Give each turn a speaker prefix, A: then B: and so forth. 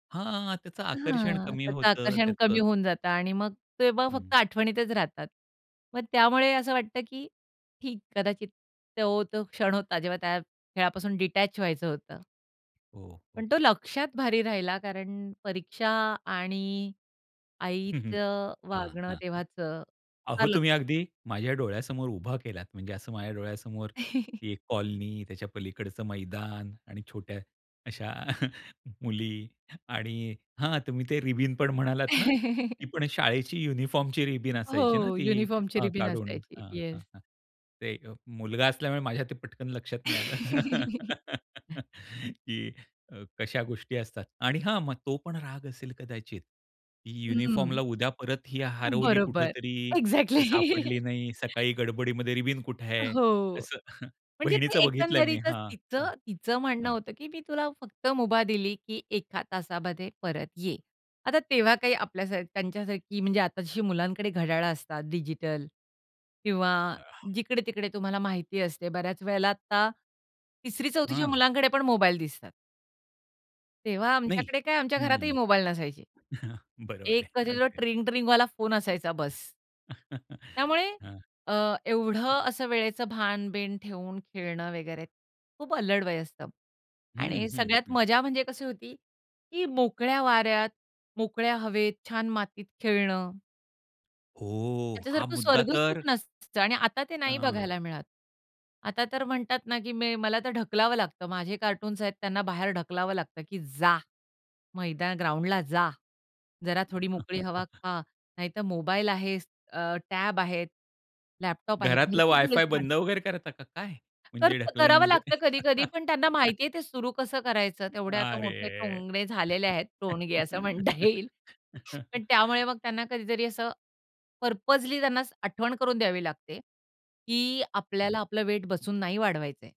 A: हां. त्याचं आकर्षण
B: हां.
A: कमी
B: तर ते
A: होतं
B: आकर्षण कमी
A: त्याचं.
B: होऊन जातं आणि मग तेव्हा
A: हं.
B: फक्त आठवणीतच राहतात. मग त्यामुळे असं वाटतं की, ठीक कदाचित तो, तो क्षण होता जेव्हा त्या खेळापासून डिटॅच व्हायचं होतं.
A: हो, हो.
B: पण तो लक्ष्यात भारी राहिला कारण परीक्षा आणि
A: हं, हं.
B: आईचं
A: हां,
B: वागणं
A: हां.
B: तेव्हाचं
A: अहो
B: फार ल
A: तुम्ही अगदी माझ्या डोळ्यासमोर उभा केलात. म्हणजे, असं माझ्या डोळ्यासमोर ती एक कॉलनी, त्याच्या पलीकडचं मैदान आणि छोट्या अशा मुली आणि हां. तुम्ही ते रिबीन पण म्हणालात ना? ती पण शाळेची युनिफॉर्मची रिबीन असायची ना
B: हो.
A: ती
B: युनिफॉर्मची
A: अ,
B: रिबीन
A: काढून
B: असायची
A: अ, हं.
B: येस.
A: अ ते एक मुलगा असल्यामुळे माझ्या ते पटकन लक्षात नाही आलं, की अ, कशा गोष्टी असतात आणि हां, मग तो पण राग असेल कदाचित, की
B: हम्म.
A: युनिफॉर्मला उद्या परत ही हरवली
B: बरोबर.
A: कुठेतरी,
B: एक्झॅक्टली.
A: ती सापडली नाही, सकाळी गडबडीमध्ये रिबिन कुठे आहे?
B: हो.
A: असं
B: म्हणजे
A: बहिणीचं बघितलंय मी,
B: एकंदरीतच
A: हां. हं,
B: तिथं तिचं म्हणणं
A: हं.
B: होतं, की मी तुला फक्त मुभा दिली, की 1 तासामध्ये परत ये. आता तेव्हा काही आपल्यासारख त्यांच्यासारखी म्हणजे आता जशी मुलांकडे घड्याळ असतात डिजिटल किंवा
A: आह.
B: जिकडे-तिकडे तुम्हाला माहिती असते बऱ्याच वेळेला आता 3री-4थीच्या
A: हं.
B: मुलांकडे पण मोबाईल दिसतात. तेव्हा
A: नाही.
B: आमच्याकडे काय, आमच्या घरातही
A: हं.
B: मोबाईल नसायचे.
A: बरोबर
B: एक
A: आहे.
B: कधी तो
A: अगदी.
B: ट्रिंग-ट्रिंगवाला फोन असायचा, बस्स. त्यामुळे,
A: हं.
B: अ,
A: हं.
B: एवढं असं वेळेचं भान-बीन ठेवून खेळणं वगैरे, खूप अल्लड वय असतं
A: हं,
B: आणि
A: हं,
B: सगळ्यात
A: हं.
B: मजा म्हणजे कशी होती, की मोकळ्या वाऱ्यात, मोकळ्या हवेत, छान मातीत खेळणं.
A: हो. हा
B: त्याच्यासारखं
A: मुद्दा
B: स्वर्ग
A: तर
B: सुख नसतं आणि आता ते नाही
A: हां.
B: बघायला मिळत. आता तर म्हणतात ना, की मे मला तर ढकलावं लागतं, माझे कार्टून्स आहेत त्यांना बाहेर ढकलावं लागतं, की जा. मैदान, ग्राउंडला जा. जरा थोडी मोकळी हवा खा. नाहीतर मोबाईल आहेच, अ, टॅब आहे, लॅपटॉप आहे.
A: घरातला
B: भरपूर.
A: वाय-फाय बंद
B: [unintelligible]
A: वगैरे करता का काय?
B: तर
A: म्हणजे ढकलण
B: करावं
A: म्हणजे?
B: लागतं कधी-कधी. पण त्यांना माहितीये ते सुरू कसं करायचं, तेवढे आता मोठे
A: अरे!
B: टोंगणे झालेले आहेत. टोणगे असं म्हणता येईल. पण त्यामुळे मग त्यांना कधीतरी असं, पर्पजली त्यांना असं आठवण करून द्यावी लागते, की
A: हां.
B: आपल्याला आपलं वेट बसून नाही वाढवायचंय.